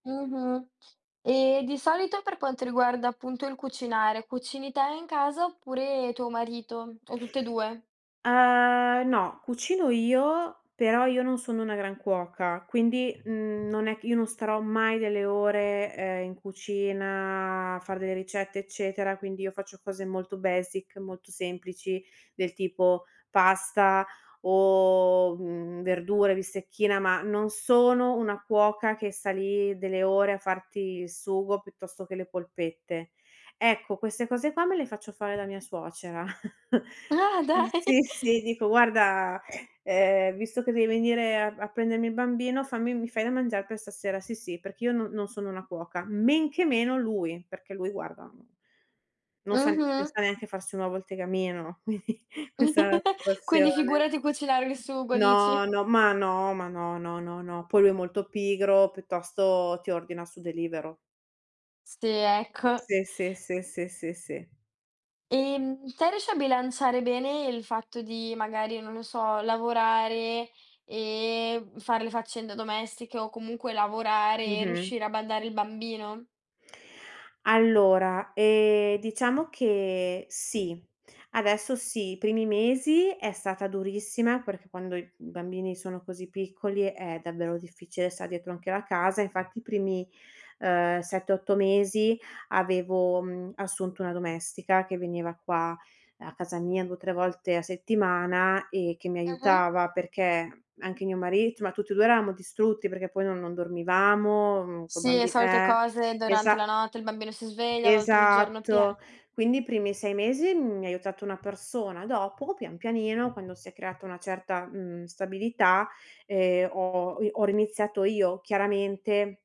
Mh-mh, e di solito per quanto riguarda appunto il cucinare, cucini te in casa oppure tuo marito o tutt'e 2? Uhm, no, cucino io, però io non sono una gran cuoca, quindi, mhmm, non è c io non starò mai delle ore, ehm, in cucina a fare delle ricette, eccetera, quindi io faccio cose molto basic, molto semplici del tipo pasta o, mhmm, verdure, bistecchina, ma non sono una cuoca che sta lì delle ore a farti il sugo piuttosto che le polpette. Ecco queste cose qua me le faccio fare da mia suocera. Ah, dai! Mhmm, sì, sì dico: "Guarda, ehm, visto che devi venire a a prendermi il bambino fammi mi fai da mangiar per stasera?" Sì, sì, perché io n non sono una cuoca, men che meno lui, perché lui guarda non sa ne non Mh-mh. sa neanche farsi un nuovo al tegamino, quindi questa è la Quindi situazione. figurati cucinare il sugo, No, dici. no, ma no, ma no, no, no, no, poi lui è molto pigro, piuttosto ti ordina su Deliveroo. Sì, ecco. Sì, sì, sì, sì, sì, sì. Ehm, te riesci a bilanciare bene il fatto di magari, non lo so, lavorare e, mhmm, fare le faccende domestiche o comunque lavorare e Mh-mh. riuscire a badare il bambino? Allora, ehm, diciamo che sì, adesso sì. I primi mesi è stata durissima, perché quando i bambini sono così piccoli è davvero difficile star dietro anche alla casa. Infatti i primi, uhm, 7, 8 mesi avevo, mhmm, assunto una domestica che veniva qua a casa mia 2, 3 volte a settimana e che mi Mh-mh. aiutava, perché anche mio marito ma tutti e 2 eravamo distrutti; perché poi no non dormivamo, mhmm, col Sì, le bambi solite eh, cose durante esa la notte il bambino si sveglia, a volte il giorno pia Esatto quindi i primi 6 mesi mi ha aiutato una persona, dopo pian pianino, quando si è creata una certa, mhmm, stabilità, ehm, ho i ho riniziato io, chiaramente